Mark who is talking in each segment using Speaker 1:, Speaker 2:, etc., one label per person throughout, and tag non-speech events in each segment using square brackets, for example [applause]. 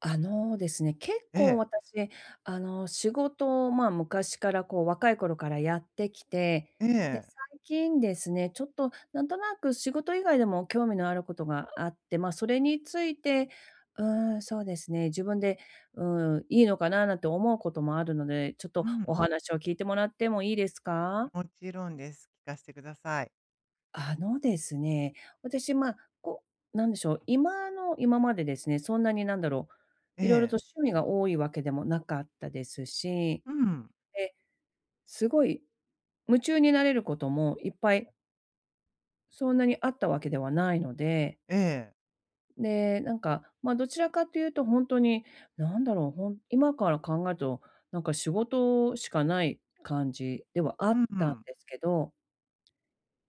Speaker 1: あのですね、結
Speaker 2: え
Speaker 1: 構
Speaker 2: え。
Speaker 1: 私、あの、仕事をまあ昔から、こう若い頃からやってきて、
Speaker 2: え
Speaker 1: で、
Speaker 2: え。
Speaker 1: 最近ですね、ちょっと何となく仕事以外でも興味のあることがあって、まあそれについて、うーん、そうですね、自分で、うーん、いいのかななんて思うこともあるので、ちょっ
Speaker 2: う
Speaker 1: とお
Speaker 2: ん。
Speaker 1: 話を聞いてもらってもいいですか？
Speaker 2: ん、もちろんです。聞かしてください。
Speaker 1: あのですね、私まあ、こう、なんでしょう、今の、今までですね、そんなになんだろう、
Speaker 2: え
Speaker 1: 色々
Speaker 2: え。
Speaker 1: と趣味が多いわけでもなかったですし。
Speaker 2: うん。
Speaker 1: で、すごい、夢中になれることもいっぱいそんなにあったわけではないので。
Speaker 2: ええ。
Speaker 1: で、なんか、まあどちらかと言うとほんとに、なんだろう、ほん今から考えると、なんか仕事しかない感じではあ
Speaker 2: うん
Speaker 1: っ
Speaker 2: う
Speaker 1: たん
Speaker 2: ん。
Speaker 1: ですけど、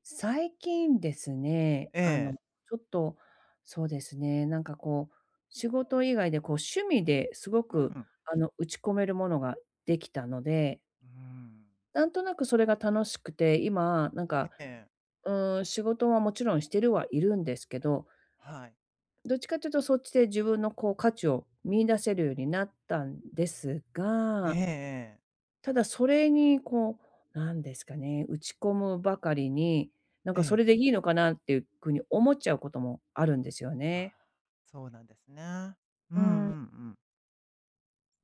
Speaker 1: 最近ですね、
Speaker 2: え
Speaker 1: あ
Speaker 2: え。
Speaker 1: の、ちょっと、そうですね、なんかこう、仕事以外で、こう趣味ですご
Speaker 2: う
Speaker 1: く
Speaker 2: ん。
Speaker 1: あの、打ち込めるものができたので。
Speaker 2: うーん。
Speaker 1: なんとなくそれが楽しくて、今なん
Speaker 2: え
Speaker 1: か、
Speaker 2: え。
Speaker 1: うーん、仕事はもちろんしてるはいるんですけど。
Speaker 2: はい。
Speaker 1: どっちかって言うと、そっちで自分のこう価値を見出せるようになったんです
Speaker 2: ええ
Speaker 1: が
Speaker 2: ええ。
Speaker 1: ただ、それにこう、何ですかね、打ち込むばかりに、なん
Speaker 2: え
Speaker 1: かそ
Speaker 2: え。
Speaker 1: れでいいのかなっていうくに思っちゃうこともあるんですよね。
Speaker 2: [sighs] そうなんですね。うん
Speaker 1: う
Speaker 2: うんう
Speaker 1: ーん。
Speaker 2: ん。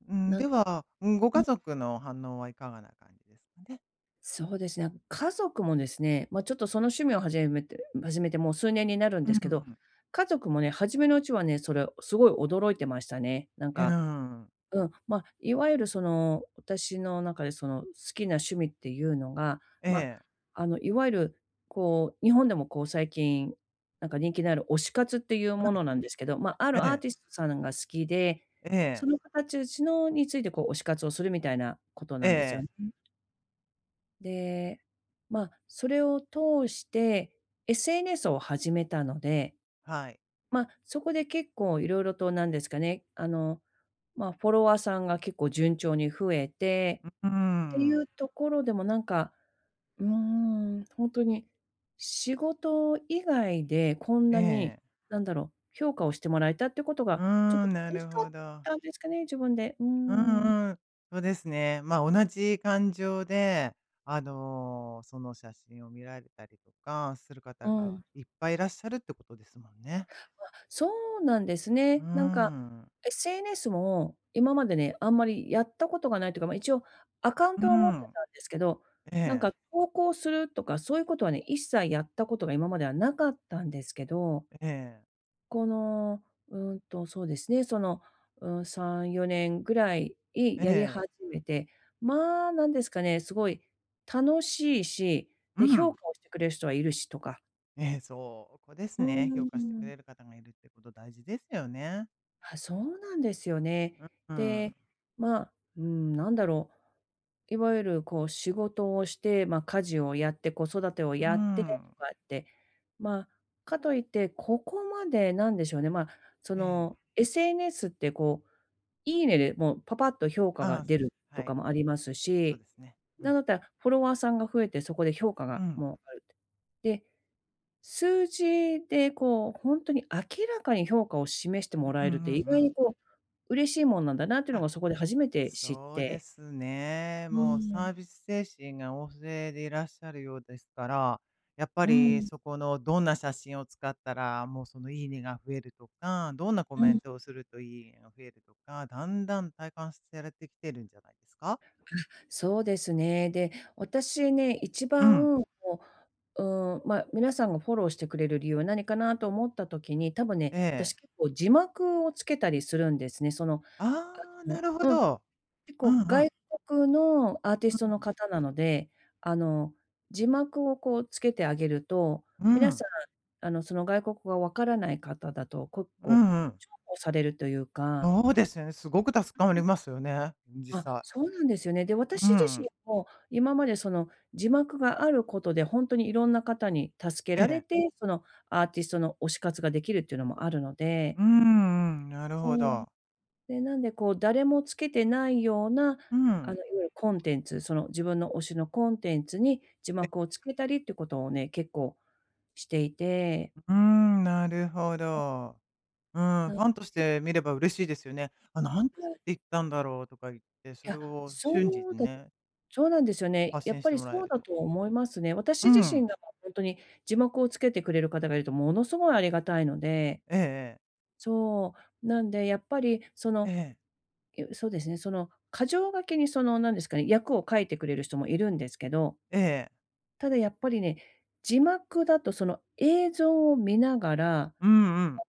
Speaker 2: うーん、
Speaker 1: な
Speaker 2: で
Speaker 1: んか
Speaker 2: は、うん、ご
Speaker 1: う
Speaker 2: 家
Speaker 1: ん。
Speaker 2: 族の反応はいかがな感じですかね？
Speaker 1: そうですね、あの、家族もですね、ま、ちょっとその趣味を始めて始めてもう数年になるん
Speaker 2: うん
Speaker 1: ですけど、
Speaker 2: うん。
Speaker 1: 家族もね、初めのうちはね、それをすごい驚いてましたね。なん
Speaker 2: え、うー
Speaker 1: か
Speaker 2: ん。
Speaker 1: うん、ま、いわゆるその、私の中で、その、好きな趣味っていうのが、
Speaker 2: え
Speaker 1: ま、
Speaker 2: え。
Speaker 1: あの、いわゆる、こう、日本でも、こう、最近、なんか人気のある「推し活」っていうものなんですけど、ま、あ
Speaker 2: う
Speaker 1: る
Speaker 2: ん。え
Speaker 1: アー
Speaker 2: え。
Speaker 1: ティストさんが好きで、
Speaker 2: え
Speaker 1: そ
Speaker 2: え。
Speaker 1: の方ちゅうしのについて、こう、推し活をするみたいなこと
Speaker 2: え
Speaker 1: な
Speaker 2: え
Speaker 1: んですよ
Speaker 2: ええ。
Speaker 1: ね。で、まあ、それを通して SNS を始めたので、
Speaker 2: はい。
Speaker 1: ま、そこで結構色々と、なんですかね、あの、ま、フォロワーさんが結構順調に増えて
Speaker 2: ううー
Speaker 1: ってい
Speaker 2: ん。
Speaker 1: う所でも、なんか、うーん、ほんとに、仕事以外でこん
Speaker 2: え
Speaker 1: なに、
Speaker 2: え。
Speaker 1: 何だろう、評価をしてもらえたってこと
Speaker 2: う
Speaker 1: が、ちょっ
Speaker 2: ー
Speaker 1: と
Speaker 2: ん、な
Speaker 1: 嬉し
Speaker 2: る
Speaker 1: かっ
Speaker 2: ほど。
Speaker 1: たんですかね、自分で、うー
Speaker 2: う
Speaker 1: ん。
Speaker 2: んうん。そうですね。ま、同じ感情で、あの、その写真を見られたりとかする方
Speaker 1: う
Speaker 2: が
Speaker 1: ん。
Speaker 2: いっぱいいらっしゃるってことですもんね。
Speaker 1: うわ、そうなんです
Speaker 2: うー
Speaker 1: ね。なんか、
Speaker 2: ん。
Speaker 1: SNS も今までね、あんまりやったことが無いというか、ま、一応アカウン
Speaker 2: うー
Speaker 1: トは持って
Speaker 2: ん。
Speaker 1: たんですけど、
Speaker 2: え
Speaker 1: なん
Speaker 2: え。
Speaker 1: か、投稿するとかそういうことはね、一切やったことが今までは無かったんですけど
Speaker 2: えええ。
Speaker 1: この、うんと、そうですね、その、うん、3、4年ぐらいい
Speaker 2: え
Speaker 1: やり
Speaker 2: え。
Speaker 1: 始めて、まあ、なんですかね、すごい楽しいし、
Speaker 2: う
Speaker 1: で、評
Speaker 2: ん。
Speaker 1: 価をしてくれる人はいるしとか。
Speaker 2: ええ、そこです
Speaker 1: う
Speaker 2: ね、
Speaker 1: う
Speaker 2: 評
Speaker 1: う
Speaker 2: 価
Speaker 1: う
Speaker 2: してく
Speaker 1: ん。
Speaker 2: れる方がいるってこと大事ですよね。
Speaker 1: はあ、そうなんですよね。
Speaker 2: ううん。
Speaker 1: で、ま、うーん、何だろう、いわゆるこう仕事をして、ま、家事をやって、子育てを
Speaker 2: ううー
Speaker 1: やってと
Speaker 2: ん。
Speaker 1: かって、まあ、かと言って、ここまでなんでしょうね、まあ、そ
Speaker 2: ええ。
Speaker 1: の SNS ってこう、いいねでもうぱぱっと評価
Speaker 2: あ
Speaker 1: が
Speaker 2: あ、
Speaker 1: 出
Speaker 2: す
Speaker 1: ると
Speaker 2: は
Speaker 1: か
Speaker 2: い。
Speaker 1: もあります
Speaker 2: そう
Speaker 1: し、
Speaker 2: ですね、う
Speaker 1: 何
Speaker 2: ん。
Speaker 1: だったらフォロワーさんが増えてそこで評価
Speaker 2: う
Speaker 1: が
Speaker 2: ん。
Speaker 1: もうあるてで、数字でこう、ほんとに明らかに評価を示して
Speaker 2: う
Speaker 1: もら
Speaker 2: うん
Speaker 1: え
Speaker 2: う
Speaker 1: るっ
Speaker 2: ん
Speaker 1: て、意
Speaker 2: う
Speaker 1: 外
Speaker 2: ん。
Speaker 1: にこう、嬉しいもんなんだなっていうの
Speaker 2: あ、
Speaker 1: が、そこで初めて知っ
Speaker 2: そうで
Speaker 1: て。
Speaker 2: すね。
Speaker 1: う
Speaker 2: もう
Speaker 1: ー
Speaker 2: サ
Speaker 1: ん。
Speaker 2: ービス精神が旺盛でいらっしゃるようですから、やっぱ
Speaker 1: う
Speaker 2: り
Speaker 1: ん。
Speaker 2: そこのどんな写真を使ったら、もうその、いいねが増えるとか、どんなコ
Speaker 1: う
Speaker 2: メ
Speaker 1: ん。
Speaker 2: ントをするといいねが増えるとか、だんだん体感すされてきてるんじゃないですか？
Speaker 1: あ、そうですね、で、私ね、一
Speaker 2: うん。
Speaker 1: 番こう、うーん、ま、皆さんがフォローしてくれる理由は何かなと思った時に、多分
Speaker 2: え
Speaker 1: ね、
Speaker 2: え。
Speaker 1: 私、結構字幕を付けたりするんですね、その、あ
Speaker 2: ああ、な
Speaker 1: の
Speaker 2: るほ
Speaker 1: うん。
Speaker 2: ど。
Speaker 1: 結
Speaker 2: う
Speaker 1: 構
Speaker 2: んうん。
Speaker 1: 外国のアーテ
Speaker 2: う
Speaker 1: ィ
Speaker 2: う
Speaker 1: ストの
Speaker 2: ん。
Speaker 1: 方なので、あの、字幕をこう付けてあげると、
Speaker 2: う
Speaker 1: 皆
Speaker 2: ん。
Speaker 1: さん、あのその外国語が分からない方だと、国
Speaker 2: う
Speaker 1: 交、
Speaker 2: んうん。
Speaker 1: 重宝されるというか
Speaker 2: そうですよね、すごく助かり
Speaker 1: [unintelligible]
Speaker 2: ますよね、ん、実
Speaker 1: あ、
Speaker 2: 際。
Speaker 1: そうなんですよね。で、
Speaker 2: うう
Speaker 1: 私自
Speaker 2: ん。
Speaker 1: 身も今までその字幕があることでほんとに色んな方に助け
Speaker 2: え
Speaker 1: られ
Speaker 2: え。
Speaker 1: て、そのアーティストの推し活が出来るっていうのもあるの
Speaker 2: う
Speaker 1: で
Speaker 2: ーん、うん、なる
Speaker 1: う
Speaker 2: ほ
Speaker 1: ーん。
Speaker 2: ど。
Speaker 1: で、なんでこう誰も付けてないような、
Speaker 2: う
Speaker 1: あの
Speaker 2: ん。
Speaker 1: いわゆるコンテンツ、その自分の推しのコンテンツに字
Speaker 2: え
Speaker 1: 幕を付けたりってことをね、結構していて
Speaker 2: ううーん、なるほ
Speaker 1: [unintelligible]
Speaker 2: ど。うん、
Speaker 1: な
Speaker 2: フ
Speaker 1: ん
Speaker 2: ァンとし
Speaker 1: で
Speaker 2: て見れば嬉しいですよね。「あ、何つって
Speaker 1: [unintelligible]
Speaker 2: 言ったんだろう」とか言って、そ
Speaker 1: い
Speaker 2: れ
Speaker 1: や、
Speaker 2: を瞬時
Speaker 1: そう
Speaker 2: に
Speaker 1: だ
Speaker 2: ね
Speaker 1: そうなんですよね、
Speaker 2: 発
Speaker 1: やっ
Speaker 2: 信し
Speaker 1: ぱ
Speaker 2: て
Speaker 1: り
Speaker 2: もらえ
Speaker 1: そう
Speaker 2: る
Speaker 1: だ
Speaker 2: と。
Speaker 1: と思いますね。私
Speaker 2: う
Speaker 1: 自身
Speaker 2: ん。
Speaker 1: がまあほんとに、字幕をつけてくれる方がいると物凄い有難いので。
Speaker 2: ええええ。
Speaker 1: そう、なんで、やっぱりそ
Speaker 2: え
Speaker 1: の、
Speaker 2: え。
Speaker 1: ゆそうですね、その箇条書きにそのなんですかね、訳を書いてくれる人もいるんですけど
Speaker 2: ええ。
Speaker 1: ただやっぱりね、字幕だとその映像を見ながら、あの、
Speaker 2: うんうん。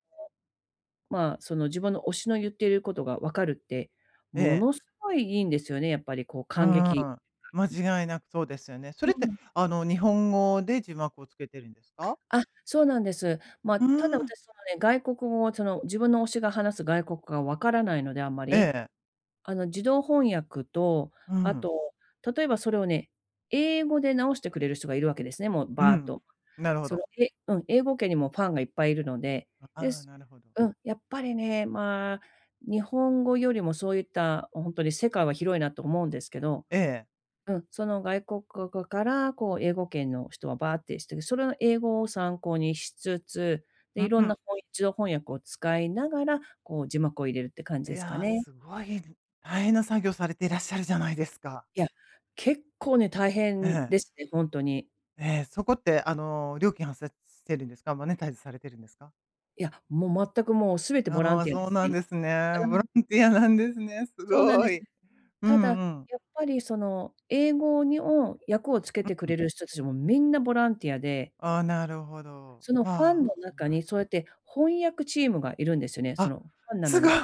Speaker 1: まあ、その自分の推しの言っていることが分かるって、
Speaker 2: え
Speaker 1: も
Speaker 2: え。
Speaker 1: のすごい良いんですよね、やっぱりこう
Speaker 2: う
Speaker 1: 感激
Speaker 2: ーん。
Speaker 1: [unintelligible]
Speaker 2: 間違いなくそうですよね。そ
Speaker 1: う
Speaker 2: れって
Speaker 1: ん。
Speaker 2: あの日本語で字幕をつけてるんですか？
Speaker 1: あ、そうなんです。ま、
Speaker 2: う
Speaker 1: ただ
Speaker 2: うーん。
Speaker 1: 私そのね、外国語をその自分の推しが話す外国語が分からないので、あんま
Speaker 2: え
Speaker 1: り。
Speaker 2: え。
Speaker 1: あの、自動翻訳と、
Speaker 2: う
Speaker 1: あ
Speaker 2: ん。
Speaker 1: と、例えばそれをね、英語で直してくれる人がいるわけですね、もう
Speaker 2: う
Speaker 1: ばーっ
Speaker 2: ん、
Speaker 1: と。
Speaker 2: なるほ
Speaker 1: そ
Speaker 2: ど。
Speaker 1: のえうん、英語圏にもファンがいっぱいいるので、
Speaker 2: あ
Speaker 1: で
Speaker 2: あ、
Speaker 1: す
Speaker 2: なるほど。
Speaker 1: うん、やっぱりね、まあ、日本語よりもそういった、あ、ほんとに世界は広いなと思うんですけど
Speaker 2: ええ。
Speaker 1: うん、その外国語からこう英語圏の人はばーってしてて、それの英語を参考にしつつ、
Speaker 2: う
Speaker 1: で、色
Speaker 2: う
Speaker 1: ん
Speaker 2: ん。
Speaker 1: なほい自動翻訳を使いながら、こう字幕を入れるって感
Speaker 2: い
Speaker 1: じですか
Speaker 2: や、
Speaker 1: ね。
Speaker 2: すごいぬ大変な作業されていらっしゃるじゃないですか。
Speaker 1: いや、結構ね大変
Speaker 2: ええ。
Speaker 1: ですね、ほんとに。
Speaker 2: ええ、そこってあの料金発生してるんですか、マネタイズされてるんですか？
Speaker 1: いや、もう全くもう全てボラ
Speaker 2: あ
Speaker 1: ン
Speaker 2: あ、
Speaker 1: ティアで
Speaker 2: そう
Speaker 1: す
Speaker 2: なん
Speaker 1: ね。
Speaker 2: ですね。
Speaker 1: う
Speaker 2: ボ
Speaker 1: ん。
Speaker 2: ランティアなんですね、す
Speaker 1: そうなん
Speaker 2: ご
Speaker 1: です。
Speaker 2: い。う
Speaker 1: ただ、や
Speaker 2: んうん。
Speaker 1: っぱりその、英語にお、訳をつけ
Speaker 2: う
Speaker 1: てく
Speaker 2: うん。
Speaker 1: れる人達もみんなボランティアで。
Speaker 2: ああ、なるほど。
Speaker 1: そのファンの
Speaker 2: まあ、
Speaker 1: 中
Speaker 2: な
Speaker 1: に
Speaker 2: る
Speaker 1: そうやって翻訳チームがいるんですよね、そ
Speaker 2: あ、
Speaker 1: の、ファンな
Speaker 2: す
Speaker 1: の
Speaker 2: ごい。
Speaker 1: に。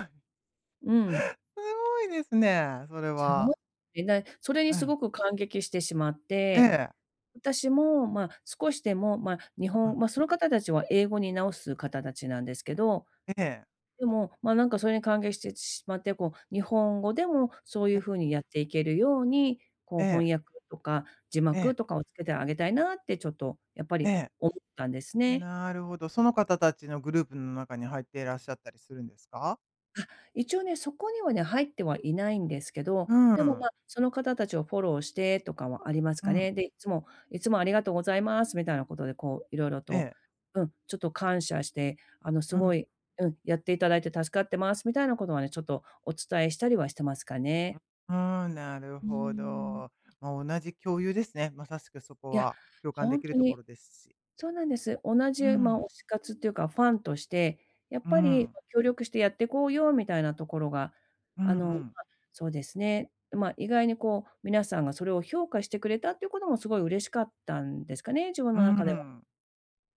Speaker 1: うん。
Speaker 2: すごいですね、それ
Speaker 1: すご
Speaker 2: は。
Speaker 1: い、えない、それに
Speaker 2: う
Speaker 1: す
Speaker 2: ん。
Speaker 1: ごく感激してしまっ
Speaker 2: え
Speaker 1: て、
Speaker 2: え。
Speaker 1: 私もまあ少しでも、まあ日
Speaker 2: うう
Speaker 1: 本
Speaker 2: ん。
Speaker 1: ま、その方達は英語に直す方達なんですけど。
Speaker 2: ええ。
Speaker 1: でも、まあなんかそれに感激してちしまって、こう日本語でもそうい
Speaker 2: え
Speaker 1: う
Speaker 2: え。
Speaker 1: 風にやっていけるように、こ
Speaker 2: え
Speaker 1: う
Speaker 2: え。
Speaker 1: 翻訳とか、字
Speaker 2: え
Speaker 1: 幕
Speaker 2: え。
Speaker 1: とかを付けてあげたいなってちょっと、やっぱ
Speaker 2: え
Speaker 1: り
Speaker 2: え。
Speaker 1: 思ったんですね。
Speaker 2: なるほど、その方達のグループん中に入っていらっしゃったりするんですか？
Speaker 1: あ、一応ね、そこにはね、入ってはいないんですけど、
Speaker 2: う
Speaker 1: でも、
Speaker 2: ん。
Speaker 1: ま、その方達をフォローしてとかはあります
Speaker 2: う
Speaker 1: か
Speaker 2: ん。
Speaker 1: ね。で、いつも「いつもありがとうございます」みたいなことで、こう色々
Speaker 2: え
Speaker 1: と
Speaker 2: え。
Speaker 1: うん、ちょっと感謝して、あの、す
Speaker 2: う
Speaker 1: ご
Speaker 2: ん。
Speaker 1: いうん。「やっていただいて助かってます」みたいなことはね、ちょっとお伝えしたりはしてますか
Speaker 2: うう
Speaker 1: ね。
Speaker 2: ーん、なる
Speaker 1: うー
Speaker 2: ほ
Speaker 1: ん。
Speaker 2: ど。ま、同じ共有ですね、まさしくそこ
Speaker 1: いや、
Speaker 2: は、共感で
Speaker 1: ほん
Speaker 2: きる
Speaker 1: と
Speaker 2: とこ
Speaker 1: に
Speaker 2: ろですし。
Speaker 1: そうなんです。同
Speaker 2: う
Speaker 1: じうま、
Speaker 2: ん。
Speaker 1: 推し活っていうか、ファンとして、やっ
Speaker 2: う
Speaker 1: ぱり、
Speaker 2: ん。
Speaker 1: 「ま、協力してやってこうよ」みたいなところが、
Speaker 2: う
Speaker 1: あ
Speaker 2: んう
Speaker 1: の、ま、
Speaker 2: ん。
Speaker 1: そうですね、ん、まあ、意外にこう、皆さんがそれを評価してくれたっていうことも凄い嬉しかったんですかね、自分
Speaker 2: う
Speaker 1: の中では。
Speaker 2: ん。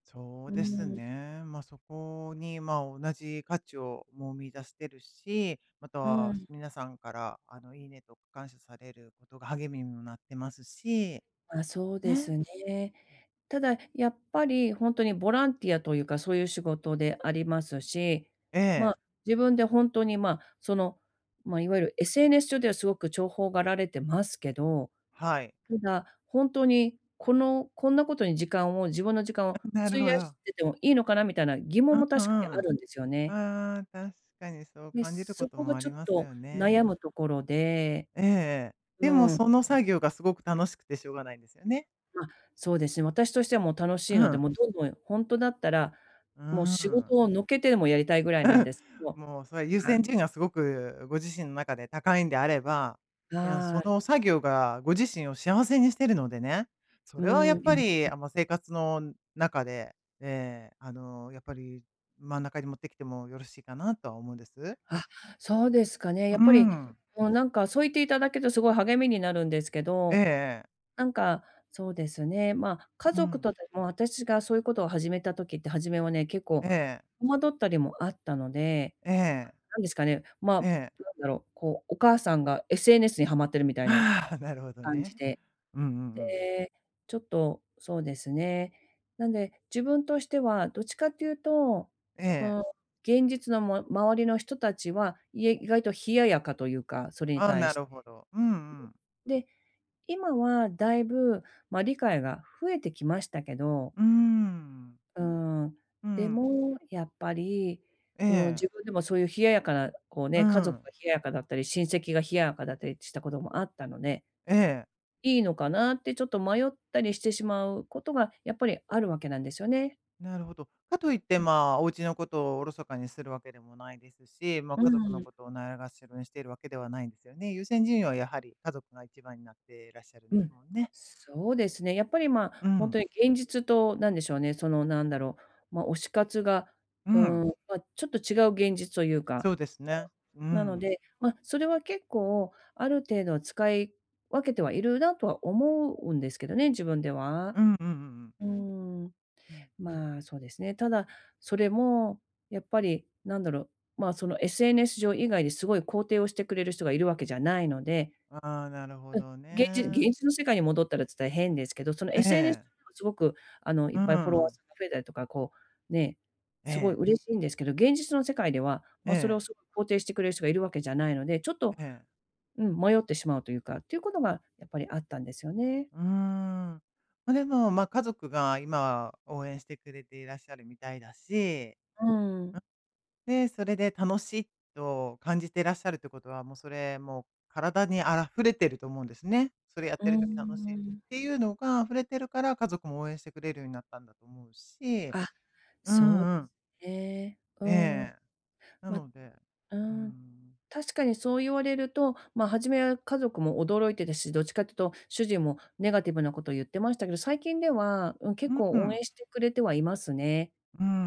Speaker 2: そう
Speaker 1: うー
Speaker 2: です
Speaker 1: ん。
Speaker 2: ね。ま、そこに、まあ同じ価値を、もう見出してるし、ま
Speaker 1: う
Speaker 2: た、
Speaker 1: ん。
Speaker 2: す皆さんからあの、「いいね」とか感謝されることが励みにもなってますし。
Speaker 1: ま、そうで
Speaker 2: ね。
Speaker 1: すね。
Speaker 2: うん。
Speaker 1: ただ、やっぱりほんとにボランティアというか、そういう仕事でありますし、
Speaker 2: え
Speaker 1: ま
Speaker 2: え。
Speaker 1: あ、自分でほんとに、まあ、その、ま、いわゆる SNS 上ではすごく重宝がられてますけど。
Speaker 2: はい。
Speaker 1: ただ、ほんとに、この、こんなことに時間を自分の時間
Speaker 2: あ、
Speaker 1: を
Speaker 2: なる
Speaker 1: 費
Speaker 2: ほ
Speaker 1: やし
Speaker 2: ど。
Speaker 1: ててもいいのかなみたいな、疑
Speaker 2: う
Speaker 1: 問
Speaker 2: ん、
Speaker 1: も
Speaker 2: う
Speaker 1: 確かにあ
Speaker 2: ん。
Speaker 1: るんですよね。
Speaker 2: ああ、確かにそう
Speaker 1: で、
Speaker 2: 感じるこ
Speaker 1: そ
Speaker 2: と
Speaker 1: こが
Speaker 2: もあ
Speaker 1: ち
Speaker 2: り
Speaker 1: ょっ
Speaker 2: ます
Speaker 1: と
Speaker 2: よね。
Speaker 1: 悩むところで。
Speaker 2: ええええ。
Speaker 1: う
Speaker 2: でも
Speaker 1: ん。
Speaker 2: その作業がすごく楽しくてしょうがないんですよね？
Speaker 1: あ、そうですね、私としてはもう楽し
Speaker 2: う
Speaker 1: いので、
Speaker 2: ん。
Speaker 1: もうどんどんほんとだったら、
Speaker 2: う
Speaker 1: もう
Speaker 2: ー
Speaker 1: 仕
Speaker 2: ん。
Speaker 1: 事を抜けてでもやりたいぐらい
Speaker 2: う
Speaker 1: な
Speaker 2: ん
Speaker 1: んですけ
Speaker 2: う
Speaker 1: ど。
Speaker 2: ん、もうそれは優
Speaker 1: は
Speaker 2: 先
Speaker 1: い。
Speaker 2: 順位がすごくご自身の中で高いんであれば、いや、
Speaker 1: は
Speaker 2: そ
Speaker 1: い。
Speaker 2: の作業がご自身を幸せにしてるのでね。そ
Speaker 1: う
Speaker 2: れはやっ
Speaker 1: ん。
Speaker 2: ぱ
Speaker 1: [unintelligible]
Speaker 2: り、
Speaker 1: う
Speaker 2: あ、もう生活の中で、ええ、あの、やっぱり、真ん中に持ってきてもよろしいかなとは思うんです。
Speaker 1: あ、そうですかね、やっ
Speaker 2: う
Speaker 1: ぱり、
Speaker 2: ん。
Speaker 1: もうなんかそう言って頂けると凄い励みになるんですけ
Speaker 2: ええ
Speaker 1: ど、
Speaker 2: ええ。
Speaker 1: なんか、そうですね、ま、家
Speaker 2: う
Speaker 1: 族
Speaker 2: ん。
Speaker 1: とでも私がそういうことを始めた時って、初めはね、結構、
Speaker 2: ええ。
Speaker 1: 戸惑ったりもあったので、
Speaker 2: ええ。
Speaker 1: か、何ですかね、ま
Speaker 2: ええ。
Speaker 1: あ、なんだろう、こう、お母さんが SNS にはまってるみたいな
Speaker 2: ああ、なるほど
Speaker 1: 感じ
Speaker 2: ね。
Speaker 1: で。
Speaker 2: うんうんうん。
Speaker 1: で、ちょっとそうですね。なんで、自分としてはどっちかっていうと、う
Speaker 2: ええ。
Speaker 1: ーん、現実のも周りの人たちは、いえ意外と冷ややかというか、それに
Speaker 2: あ、
Speaker 1: 対
Speaker 2: な
Speaker 1: して。
Speaker 2: るほど。うんうん。
Speaker 1: で、今は大分ま、理解が増えてきましたけど
Speaker 2: うーん。
Speaker 1: うーん、
Speaker 2: う
Speaker 1: で
Speaker 2: ん。
Speaker 1: もやっぱり、
Speaker 2: え
Speaker 1: うん、
Speaker 2: え。
Speaker 1: 自分でもそういう冷ややかな、こう
Speaker 2: う
Speaker 1: ね、家族が
Speaker 2: ん。
Speaker 1: 冷ややかだったり、親戚が冷ややかだったりしたこともあったので
Speaker 2: ええ。
Speaker 1: 良いのかなって、ちょっと迷ったりしてしまうことが、やっぱりあるわけなんですよね。
Speaker 2: なるほど。かと言って
Speaker 1: うん。
Speaker 2: まあ、お家のことをおろそかにするわけでもないですし、ま、
Speaker 1: うー
Speaker 2: 家族の
Speaker 1: ん。
Speaker 2: ことをないがしろにしているわけではないんですよね。優先順位はやはり家族が1番になってらっしゃるん
Speaker 1: う
Speaker 2: で
Speaker 1: ん。
Speaker 2: すもんね。
Speaker 1: そうですね、やっぱりま
Speaker 2: う
Speaker 1: あ、ほん
Speaker 2: ん。
Speaker 1: とに現実と何でしょうね、その何だろう、ま、推し活が、
Speaker 2: う
Speaker 1: うー
Speaker 2: ん。
Speaker 1: ん、まあ、ちょっと違う現実というか、
Speaker 2: そうです
Speaker 1: ま
Speaker 2: ね、う
Speaker 1: あ、なの
Speaker 2: ん。
Speaker 1: で、ま、それは結構ある程度は使い分けてはいるなとは思うんですけどね、自分では。
Speaker 2: うんうんうんうん。
Speaker 1: うーん。
Speaker 2: うん。
Speaker 1: まあ、そうですね、ただ、それも、やっぱり、何だろう、まあ、その、SNS 上以外ですごい肯定をしてくれる人がいるわけじゃないので。
Speaker 2: ああ、なるほ
Speaker 1: うん、
Speaker 2: ど
Speaker 1: げんじ現
Speaker 2: ね。
Speaker 1: 実の世界に戻ったらつったら変ですけど、その
Speaker 2: え
Speaker 1: SNS 上
Speaker 2: え。
Speaker 1: では凄くあのいっ
Speaker 2: う
Speaker 1: ぱいフォロワー
Speaker 2: ん。
Speaker 1: さんが増えたりとか、こう、ね、
Speaker 2: え
Speaker 1: 凄い
Speaker 2: え。
Speaker 1: 嬉しいんですけど、現実の世界では、ま、それを
Speaker 2: ええ。
Speaker 1: 凄い肯定してくれる人がいるわけじゃないので、ちょっと
Speaker 2: ええ。
Speaker 1: うん、迷ってしまうというか、っていうことがやっぱりあったんですよね。
Speaker 2: うーん。ま、でも、ま、家族が今は応援してくれていらっしゃるみたいだし。
Speaker 1: うん。
Speaker 2: うん。で、それで楽しいと感じてらっしゃるってことはもうそれ、もう体にあらふれてると思うんですね。それやっ
Speaker 1: うー
Speaker 2: てる時楽しい、ん、っ
Speaker 1: ん。
Speaker 2: ていうのが溢れてるから家族も応援してくれるようになったんだと思うし。
Speaker 1: あ、
Speaker 2: う
Speaker 1: そう
Speaker 2: ん
Speaker 1: で
Speaker 2: うん。
Speaker 1: すね。う
Speaker 2: え
Speaker 1: ん。
Speaker 2: え。な
Speaker 1: まう
Speaker 2: ので。
Speaker 1: ー
Speaker 2: うー
Speaker 1: ん、
Speaker 2: ん。
Speaker 1: 確かにそう言われると、ま、初めは家族も驚いてたし、どっちかって言うと、主人もネガティブなことを言ってましたけど、最近では、うん、結
Speaker 2: う
Speaker 1: 構応
Speaker 2: ん。
Speaker 1: 援してくれてはいますね。
Speaker 2: うんうんう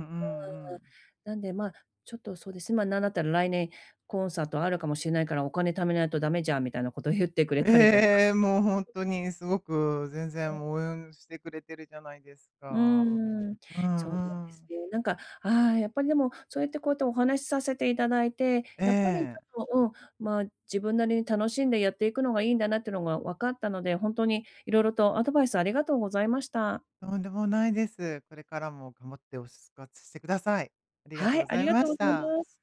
Speaker 2: ん。
Speaker 1: うーん。なんで、まあ、ちょっとそうですね、ま、何だったら「来年、コンサートあるかもしれないから、お金貯めないと駄目じゃん」みたいなこと言ってくれ
Speaker 2: ええ
Speaker 1: たりとか。
Speaker 2: ええ、もうほん
Speaker 1: [unintelligible]
Speaker 2: とにすごく全
Speaker 1: う
Speaker 2: 然もうお
Speaker 1: ん。
Speaker 2: うゆんしてくれてるじゃないです
Speaker 1: う
Speaker 2: か。
Speaker 1: ーん。
Speaker 2: う
Speaker 1: そうなん
Speaker 2: ん
Speaker 1: で
Speaker 2: う
Speaker 1: す
Speaker 2: ん。
Speaker 1: ね。なんか、ああ、やっぱりでも、そうやって、こうやってお話しさせて頂いて、
Speaker 2: え
Speaker 1: やっぱりち
Speaker 2: え。
Speaker 1: ょっと、うん、まあ、自分なりに楽しんでやっていくのがいいんだなっていうのが分かったので、ほんとに色々とアドバイスありがとうございました。
Speaker 2: とんでもないです。これからも頑張って推し活してください。ありがとう
Speaker 1: は
Speaker 2: ご
Speaker 1: い、あ
Speaker 2: ざ
Speaker 1: り
Speaker 2: い
Speaker 1: が
Speaker 2: ま
Speaker 1: とうご
Speaker 2: し
Speaker 1: ざい
Speaker 2: た。
Speaker 1: ます。